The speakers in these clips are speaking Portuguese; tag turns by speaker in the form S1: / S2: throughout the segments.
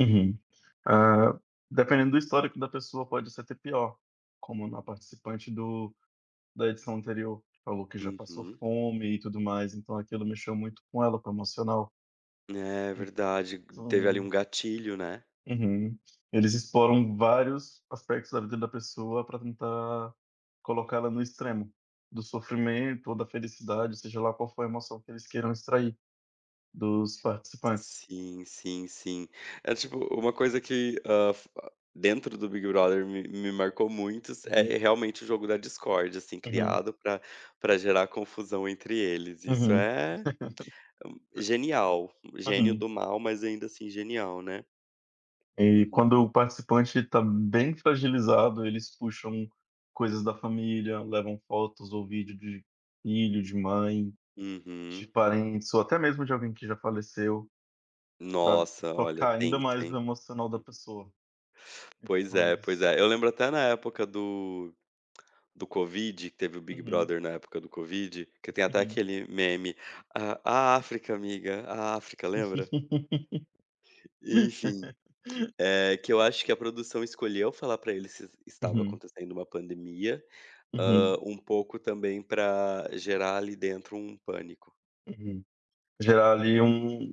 S1: Uhum. Ah, dependendo do histórico da pessoa, pode ser até pior. Como na participante do da edição anterior, que falou que: "Já, passou
S2: Uhum.
S1: fome e tudo mais". Então, aquilo mexeu muito com ela, com o emocional.
S2: É, verdade. Teve, ali, um
S1: Então
S2: gatilho, né?
S1: Uhum. Eles exploram vários aspectos da vida da pessoa pra tentar colocar ela no extremo do sofrimento ou da felicidade. Seja lá qual for a emoção que eles queiram extrair dos participantes.
S2: Sim, sim, sim. É tipo u uma coisa que, hã, fa dentro do Big Brother me me marcou muito s é,
S1: Uhum.
S2: realmente, o jogo da discórdia, assim,
S1: Uhum.
S2: criado pra pra gerar confusão entre eles. Isso
S1: Uhum.
S2: é, hum, genial. Gênio
S1: Uhum.
S2: do mal, mas, ainda assim, genial, né?
S1: E
S2: Uhum.
S1: quando o participante tá bem fragilizado, eles puxam coisas da família, levam fotos ou vídeo de filho, de mãe, de
S2: Uhum.
S1: parentes, ou até mesmo de alguém que já faleceu, pra
S2: Nossa! Olha.
S1: tocar, ainda
S2: Tenso,
S1: mais o
S2: hein?
S1: emocional da
S2: Hum.
S1: pessoa.
S2: Pois
S1: Então,
S2: é, pois
S1: eles
S2: é. Eu lembro até na época do do Covid, que teve o Big
S1: Uhum.
S2: Brother na época do Covid, que tem até
S1: Uhum.
S2: aquele meme: "A a África, amiga, a África". Lembra? E, enfim. Eh, que eu acho que a produção escolheu falar pra eles s estava
S1: Uhum.
S2: acontecendo uma pandemia. Hã,
S1: Uhum.
S2: um pouco também pra gerar ali dentro um pânico.
S1: Uhum. Gerar ali um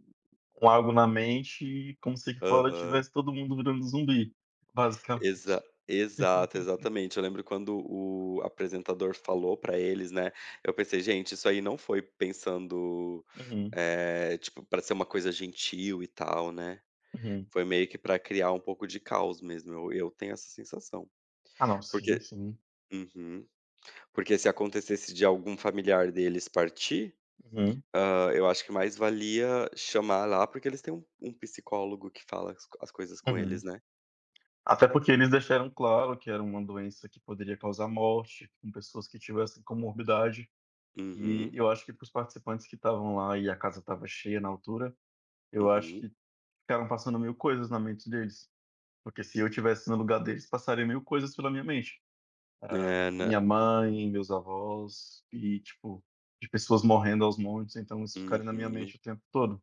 S1: um algo na mente, como se aqui fora
S2: Aham.
S1: estivesse todo mundo virando zumbi, basicamente.
S2: Exa exato, exatamente. Eu lembro quando o apresentador falou pra eles, né. Eu pensei: "Gente, isso aí não foi pensando,
S1: Uhum.
S2: eh, tipo, pra ser uma coisa gentil e tal", né.
S1: Uhum.
S2: Foi meio que pra criar um pouco de caos mesmo, eu eu tenho essa sensação.
S1: Ah, não, sim,
S2: Porque
S1: sim.
S2: uhum. Porque se acontecesse de algum familiar deles partir,
S1: Uhum.
S2: hã, eu acho que mais valia chamar lá, porque eles têm um um psicólogo que fala as co as coisas com eles,
S1: Uhum.
S2: né?
S1: Até porque eles deixaram claro que era uma doença que poderia causar morte com pessoas que tivessem comorbidade. E
S2: Uhum.
S1: eu acho que para os participantes que estavam lá, e a casa estava cheia na altura, eu acho
S2: Uhum.
S1: que ficaram passando 1000 coisas na mente deles. Porque, se eu estivesse no lugar deles, passaria 1000 coisas pela minha mente. Ah,
S2: É, né?
S1: minha mãe, meus avós. E, tipo, de pessoas morrendo aos montes. Então isso ficaria na minha
S2: Uhum.
S1: mente o tempo todo.